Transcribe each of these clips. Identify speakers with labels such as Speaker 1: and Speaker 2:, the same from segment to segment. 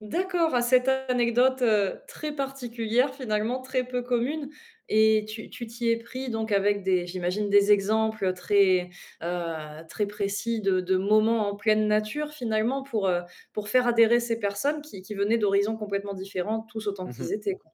Speaker 1: D'accord, à cette anecdote, heu, très particulière, finalement, très peu commune et tu tu t'y es pris donc avec des j'imagine, des exemples, très, heu, très précis de de moments en pleine nature, finalement, pour, heu, pour faire adhérer ces personnes qui qui venaient d'horizons complètement différents, tous autant
Speaker 2: Mmh mh.
Speaker 1: qu'ils étaient, quoi?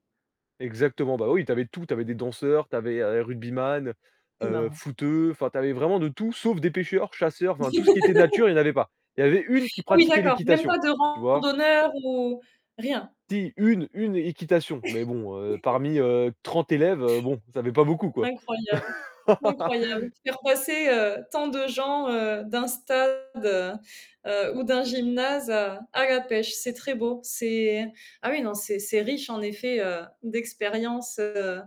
Speaker 2: Exactement, bah, oui, tu avais tout, tu avais des danseurs, tu avais, heu, rugbyman,
Speaker 1: C'est
Speaker 2: heu,
Speaker 1: marrant.
Speaker 2: footeux, enfin, tu avais vraiment de tout, sauf des pêcheurs, chasseurs, enfin, tout ce qui était nature, il y en avait pas. Il y avait 1 qui
Speaker 1: Ah oui,
Speaker 2: pratiquait
Speaker 1: d'accord, même
Speaker 2: l'équitation,
Speaker 1: pas de
Speaker 2: tu vois?
Speaker 1: randonneur, ou rien!
Speaker 2: Si 1-1 équitation, mais bon, heu, parmi, heu, 30 élèves, heu, bon, ça fait pas beaucoup, quoi.
Speaker 1: Incroyable! Incroyable! Faire passer, heu, tant de gens, heu, d'un stade, heu, ou d'un gymnase à à la pêche. C'est très beau, c'est ah, oui, non, c'est c'est riche, en effet, heu, d'expérience, heu,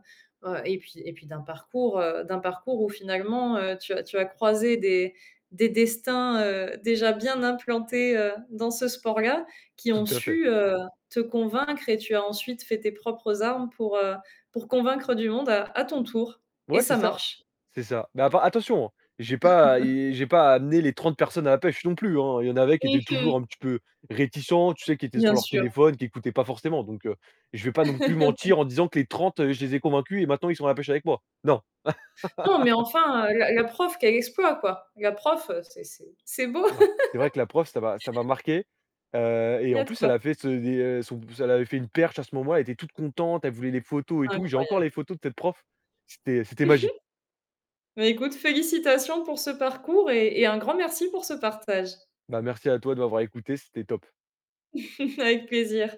Speaker 1: heu, et puis et puis d'un parcours, heu, d'un parcours où finalement, heu, tu as tu as croisé des des destins, heu, déjà bien implantés, heu, dans ce sport-là, qui
Speaker 2: Tout
Speaker 1: ont
Speaker 2: à fait.
Speaker 1: su, heu, te convaincre et tu as ensuite fait tes propres armes pour, heu, pour convaincre du monde à à ton tour et
Speaker 2: Ouais, c'est
Speaker 1: ça
Speaker 2: ça
Speaker 1: marche!
Speaker 2: c'est ça mais appar attention, hein, j'ai pas et j'ai pas amené les 30 personnes à la pêche non plus, hein, il y en avait qui
Speaker 1: Mmh
Speaker 2: étaient
Speaker 1: mh.
Speaker 2: toujours un petit peu réticents, tu sais, qui étaient sur
Speaker 1: Bien
Speaker 2: leur
Speaker 1: sûr.
Speaker 2: téléphone, qui écoutaient pas forcément, donc heu, je vais pas non plus mentir en disant que les 30 je les ai convaincus et maintenant, ils sont à la pêche avec moi, non!
Speaker 1: Non, mais enfin, heu, la la prof, quel exploit, quoi! La prof, heu, c'est c'est c'est beau!
Speaker 2: Ouais, c'est vrai que la prof, ça m'a ça m'a marqué, heu,
Speaker 1: Il
Speaker 2: et
Speaker 1: y
Speaker 2: en
Speaker 1: a de
Speaker 2: plus, elle
Speaker 1: quoi.
Speaker 2: a fait ce et son p elle avait fait une perche, à ce moment-là. Elle était toute contente, elle voulait les photos, et tout. J'ai encore
Speaker 1: Incroyable!
Speaker 2: les photos de cette prof, c'était c'était
Speaker 1: Mmh mh.
Speaker 2: magique!
Speaker 1: Ben, écoute, félicitations pour ce parcours et et un grand merci pour ce partage.
Speaker 2: Bah, merci à toi, de m'avoir écouté, c'était top.
Speaker 1: Avec plaisir!